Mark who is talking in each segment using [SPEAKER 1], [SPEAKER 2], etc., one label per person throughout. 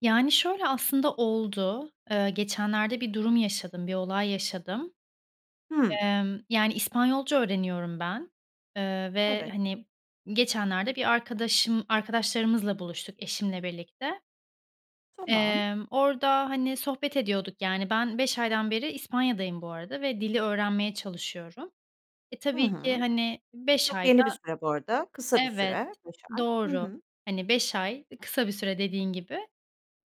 [SPEAKER 1] Yani, şöyle, aslında oldu. Eee, geçenlerde bir durum yaşadım, bir olay yaşadım.
[SPEAKER 2] Hıı.
[SPEAKER 1] Emm, yani, İspanyolca öğreniyorum ben, eee, ve,
[SPEAKER 2] Evet.
[SPEAKER 1] hani, geçenlerde bir arkadaşım arkadaşlarımızla buluştuk eşimle birlikte.
[SPEAKER 2] Tamam.
[SPEAKER 1] Emm, orada hani sohbet ediyorduk, yani, ben 5 aydan beri İspanya'dayım bu arada ve dili öğrenmeye çalışıyorum. E,
[SPEAKER 2] Hı
[SPEAKER 1] tabii ki,
[SPEAKER 2] hı.
[SPEAKER 1] hani, 5
[SPEAKER 2] Çok yeni bir
[SPEAKER 1] ayda
[SPEAKER 2] süre bu arada. Kısa bir
[SPEAKER 1] Evet,
[SPEAKER 2] süre 5 ay. Hı
[SPEAKER 1] doğru,
[SPEAKER 2] hı.
[SPEAKER 1] hani, 5 ay, ııı, kısa bir süre, dediğin gibi.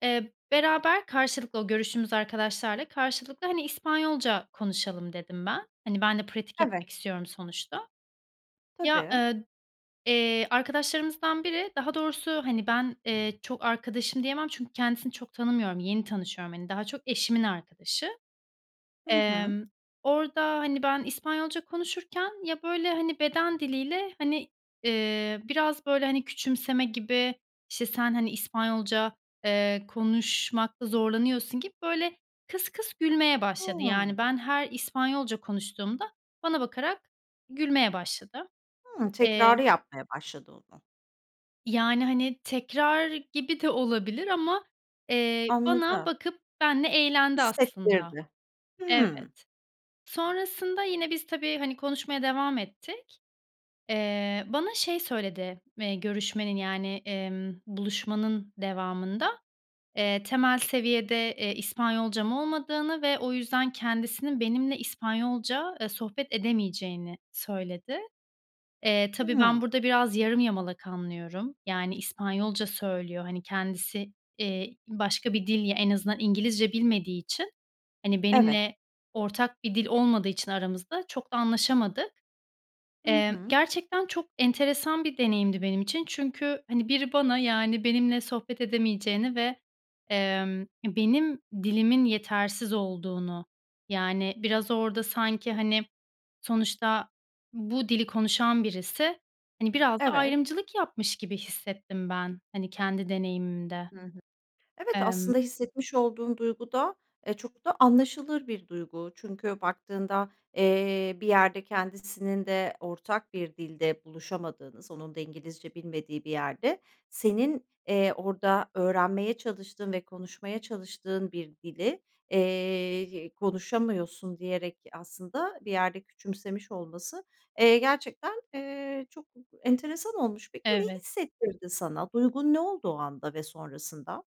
[SPEAKER 1] Eee, beraber karşılıklı o görüştüğümüz arkadaşlarla karşılıklı, hani, "İspanyolca konuşalım" dedim, ben. Hani, ben de pratik
[SPEAKER 2] Evet.
[SPEAKER 1] etmek istiyorum sonuçta. Ya,
[SPEAKER 2] Tabii.
[SPEAKER 1] ııı, eee, arkadaşlarımızdan biri daha doğrusu, hani, ben, eee, çok arkadaşım diyemem çünkü kendisini çok tanımıyorum. Yeni tanışıyorum, hani, daha çok eşimin arkadaşı.
[SPEAKER 2] Hı hı.
[SPEAKER 1] Emm, orada, hani, ben İspanyolca konuşurken ya, böyle, hani, beden diliyle, hani, eee, biraz, böyle, hani, küçümseme gibi, işte, sen, hani, İspanyolca, eee, konuşmakta zorlanıyorsun gibi böyle kıs kıs gülmeye başladı.
[SPEAKER 2] Hıı.
[SPEAKER 1] Yani, ben her İspanyolca konuştuğumda bana bakarak gülmeye başladı.
[SPEAKER 2] Hıı.
[SPEAKER 1] Emm
[SPEAKER 2] Tekrarı yapmaya başladı o da.
[SPEAKER 1] Yani, hani, tekrar gibi de olabilir ama, eee, bana
[SPEAKER 2] Anladım.
[SPEAKER 1] bakıp benimle eğlendi aslında
[SPEAKER 2] Hissettirdi.
[SPEAKER 1] Evet.
[SPEAKER 2] Hıı.
[SPEAKER 1] Sonrasında yine biz, tabii, hani, konuşmaya devam ettik. Eee, bana şey söyledi, eee, görüşmenin yani, emm, buluşmanın devamında, eee, temel seviyede, eee, İspanyolcam olmadığını ve o yüzden kendisinin benimle İspanyolca, eee, sohbet edemeyeceğini söyledi. Eee, tabii, ben
[SPEAKER 2] Hıı.
[SPEAKER 1] burada biraz yarım yamalak anlıyorum. Yani, İspanyolca söylüyor. Hani, kendisi, iii, başka bir dil, ya en azından İngilizce bilmediği için, hani,
[SPEAKER 2] Evet.
[SPEAKER 1] benimle ortak bir dil olmadığı için aramızda çok da anlaşamadık.
[SPEAKER 2] Hı
[SPEAKER 1] Eee,
[SPEAKER 2] hı.
[SPEAKER 1] gerçekten çok enteresan bir deneyimdi benim için. Çünkü, hani, biri bana, yani, benimle sohbet edemeyeceğini ve, emm, benim dilimin yetersiz olduğunu, yani, biraz orada sanki, hani, sonuçta bu dili konuşan birisi, hani, biraz da
[SPEAKER 2] Evet.
[SPEAKER 1] ayrımcılık yapmış gibi hissettim ben, hani, kendi deneyimimde.
[SPEAKER 2] Hı hı. Evet,
[SPEAKER 1] Emm
[SPEAKER 2] aslında hissetmiş olduğun duyguda, e, çok da anlaşılır bir duygu. Çünkü baktığında, eee, bir yerde kendisinin de ortak bir dilde buluşamadığınız onun da İngilizce bilmediği bir yerde senin, eee, orada öğrenmeye çalıştığın ve konuşmaya çalıştığın bir dili, eee, y konuşamıyorsun diyerek aslında bir yerde küçümsemiş olması, eee, gerçekten, eee, çok enteresan olmuş. Peki, ne
[SPEAKER 1] Evet.
[SPEAKER 2] hissettirdi sana? Duygun ne olduğu anda ve sonrasında?